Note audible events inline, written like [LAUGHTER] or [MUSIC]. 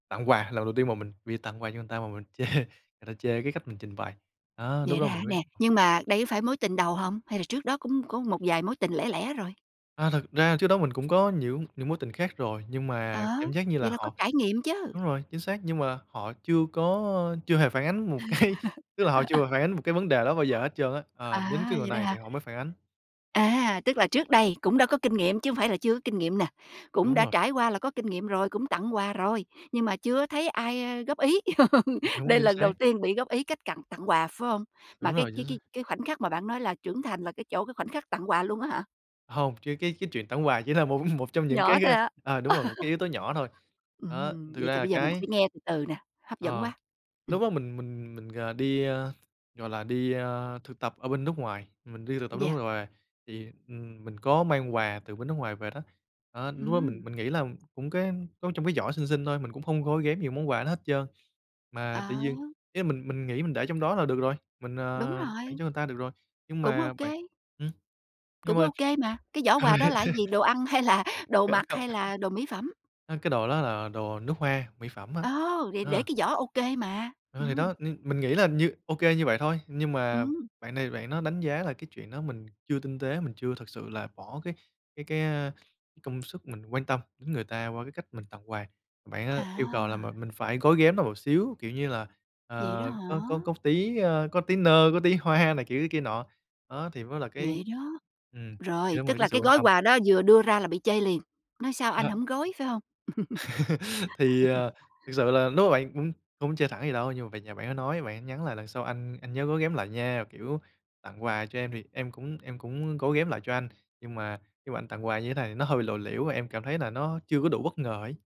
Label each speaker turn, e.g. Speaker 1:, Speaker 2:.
Speaker 1: Tặng quà, lần đầu tiên mà mình vì tặng quà cho người ta mà mình chê người ta chê cái cách mình trình bày. Đó, lúc
Speaker 2: Vậy đó
Speaker 1: đó mình
Speaker 2: hả?
Speaker 1: mới
Speaker 2: Nè,
Speaker 1: biết.
Speaker 2: nhưng mà đây có phải mối tình đầu hông? Hay là trước đó cũng có một vài mối tình lẻ lẻ rồi?
Speaker 1: À, thật ra trước đó mình cũng có những những mối tình khác rồi, nhưng
Speaker 2: Ờ,
Speaker 1: mà cảm giác như là
Speaker 2: vậy là có
Speaker 1: họ
Speaker 2: trải nghiệm chứ.
Speaker 1: đúng rồi, chính xác, nhưng mà họ chưa có chưa hề phản ánh 1 cái, tức là họ chưa hề phản ánh 1 cái vấn đề đó bao giờ
Speaker 2: [LAUGHS]
Speaker 1: hết trơn á, ờ, đến
Speaker 2: À,
Speaker 1: cái người
Speaker 2: vậy đó
Speaker 1: này thì
Speaker 2: hả?
Speaker 1: họ mới phản ánh.
Speaker 2: À, tức là trước đây cũng đã có kinh nghiệm chứ hông phải là chưa có kinh nghiệm nè, cũng
Speaker 1: Đúng
Speaker 2: đã
Speaker 1: rồi.
Speaker 2: trải qua là có kinh nghiệm rồi, cũng tặng quà rồi, nhưng mà chưa thấy ai góp ý.
Speaker 1: Ừm,
Speaker 2: [LAUGHS]
Speaker 1: đúng,
Speaker 2: Đây
Speaker 1: chính
Speaker 2: lần đầu
Speaker 1: xác.
Speaker 2: tiên bị góp ý cách tặng- tặng quà, phải hông? Mà
Speaker 1: Đúng
Speaker 2: cái
Speaker 1: rồi. Chính
Speaker 2: cái
Speaker 1: xác.
Speaker 2: cái cái khoảnh khắc mà bạn nói là trưởng thành là cái chỗ cái khoảnh khắc tặng quà luôn á hả?
Speaker 1: Hông, riêng cái cái chuyện tặng quà chỉ là một một trong những cái,
Speaker 2: Nhỏ thôi
Speaker 1: ờ
Speaker 2: hả?
Speaker 1: ờ, đúng rồi, 1 cái yếu tố nhỏ thôi,
Speaker 2: [LAUGHS]
Speaker 1: đó,
Speaker 2: Ừm,
Speaker 1: thực
Speaker 2: vậy
Speaker 1: ra
Speaker 2: thì
Speaker 1: là
Speaker 2: bây giờ mình
Speaker 1: cái
Speaker 2: phải nghe từ từ nè, hấp dẫn
Speaker 1: ờ,
Speaker 2: quá. Ừm.
Speaker 1: lúc đó mình mình mình, ờ, đi, a, gọi là đi, a, thực tập ở bên nước ngoài, mình đi thực tập nước
Speaker 2: Yeah.
Speaker 1: nước ngoài thì, ừm, mình có mang quà từ bên nước ngoài về đó, đó lúc đó mình
Speaker 2: Ừm.
Speaker 1: mình nghĩ là cũng cái giấu trong cái giỏ xinh xinh thôi, mình cũng hông gói ghém nhiều món quà đó hết trơn. Mà tự
Speaker 2: À.
Speaker 1: nhiên ý là mình mình nghĩ mình để trong đó là được rồi, mình,
Speaker 2: Đúng
Speaker 1: à, tặng
Speaker 2: rồi.
Speaker 1: cho người ta được rồi nhưng
Speaker 2: Cũng ô
Speaker 1: mà bạn,
Speaker 2: kê.
Speaker 1: ừm, nhưng
Speaker 2: Cũng
Speaker 1: mà
Speaker 2: ô kê mà, cái giỏ quà đó là cái gì, đồ ăn hay là
Speaker 1: [LAUGHS]
Speaker 2: đồ mặc
Speaker 1: [UNINTELLIGIBLE]
Speaker 2: hay là đồ mỹ phẩm?
Speaker 1: a, cái đồ đó là đồ nước hoa, mỹ phẩm á,
Speaker 2: Ô! Thì để
Speaker 1: ờ.
Speaker 2: cái giỏ ô kê mà.
Speaker 1: Ờ, thì
Speaker 2: Ừm.
Speaker 1: đó, mìn mình nghĩ là như ô kê như vậy thôi, nhưng mà
Speaker 2: Ừm.
Speaker 1: bạn này bạn đó đánh giá là cái chuyện đó mình chưa tinh tế, mình chưa thực sự là bỏ cái cái cái, a, công sức mình quan tâm đến người ta qua cái cách mình tặng quà. Bạn á yêu cầu là m
Speaker 2: À.
Speaker 1: mình phải gói ghém nó một xíu kiểu như là,
Speaker 2: Vậy đó
Speaker 1: ờ,
Speaker 2: hả?
Speaker 1: có có có tí, a, có tí nơ, có tí hoa này kiểu kia nọ, đó, thì mới là cái,
Speaker 2: Vậy đó?
Speaker 1: ừm,
Speaker 2: Rồi,
Speaker 1: đem lại
Speaker 2: tức
Speaker 1: cái
Speaker 2: là
Speaker 1: sự
Speaker 2: cái
Speaker 1: quan
Speaker 2: gói
Speaker 1: tâm.
Speaker 2: quà đó vừa đưa ra là bị chê liền. Nói sao anh
Speaker 1: À.
Speaker 2: hổng gói, phải hông?
Speaker 1: [LAUGHS] Thì,
Speaker 2: [LAUGHS]
Speaker 1: à, thực sự là lúc mà bạn, ưm, không chê thẳng vậy đâu, nhưng mà về nhà bạn đó nói, bạn ấy nhắn là "Lần sau anh anh nhớ gói ghém lại nha, kiểu, tặng quà cho em thì em cũng em cũng gói ghém lại cho anh, nhưng mà khi mà anh tặng quà như thế này thì nó hơi lộ liễu và em cảm thấy là nó chưa có đủ bất ngờ ấy."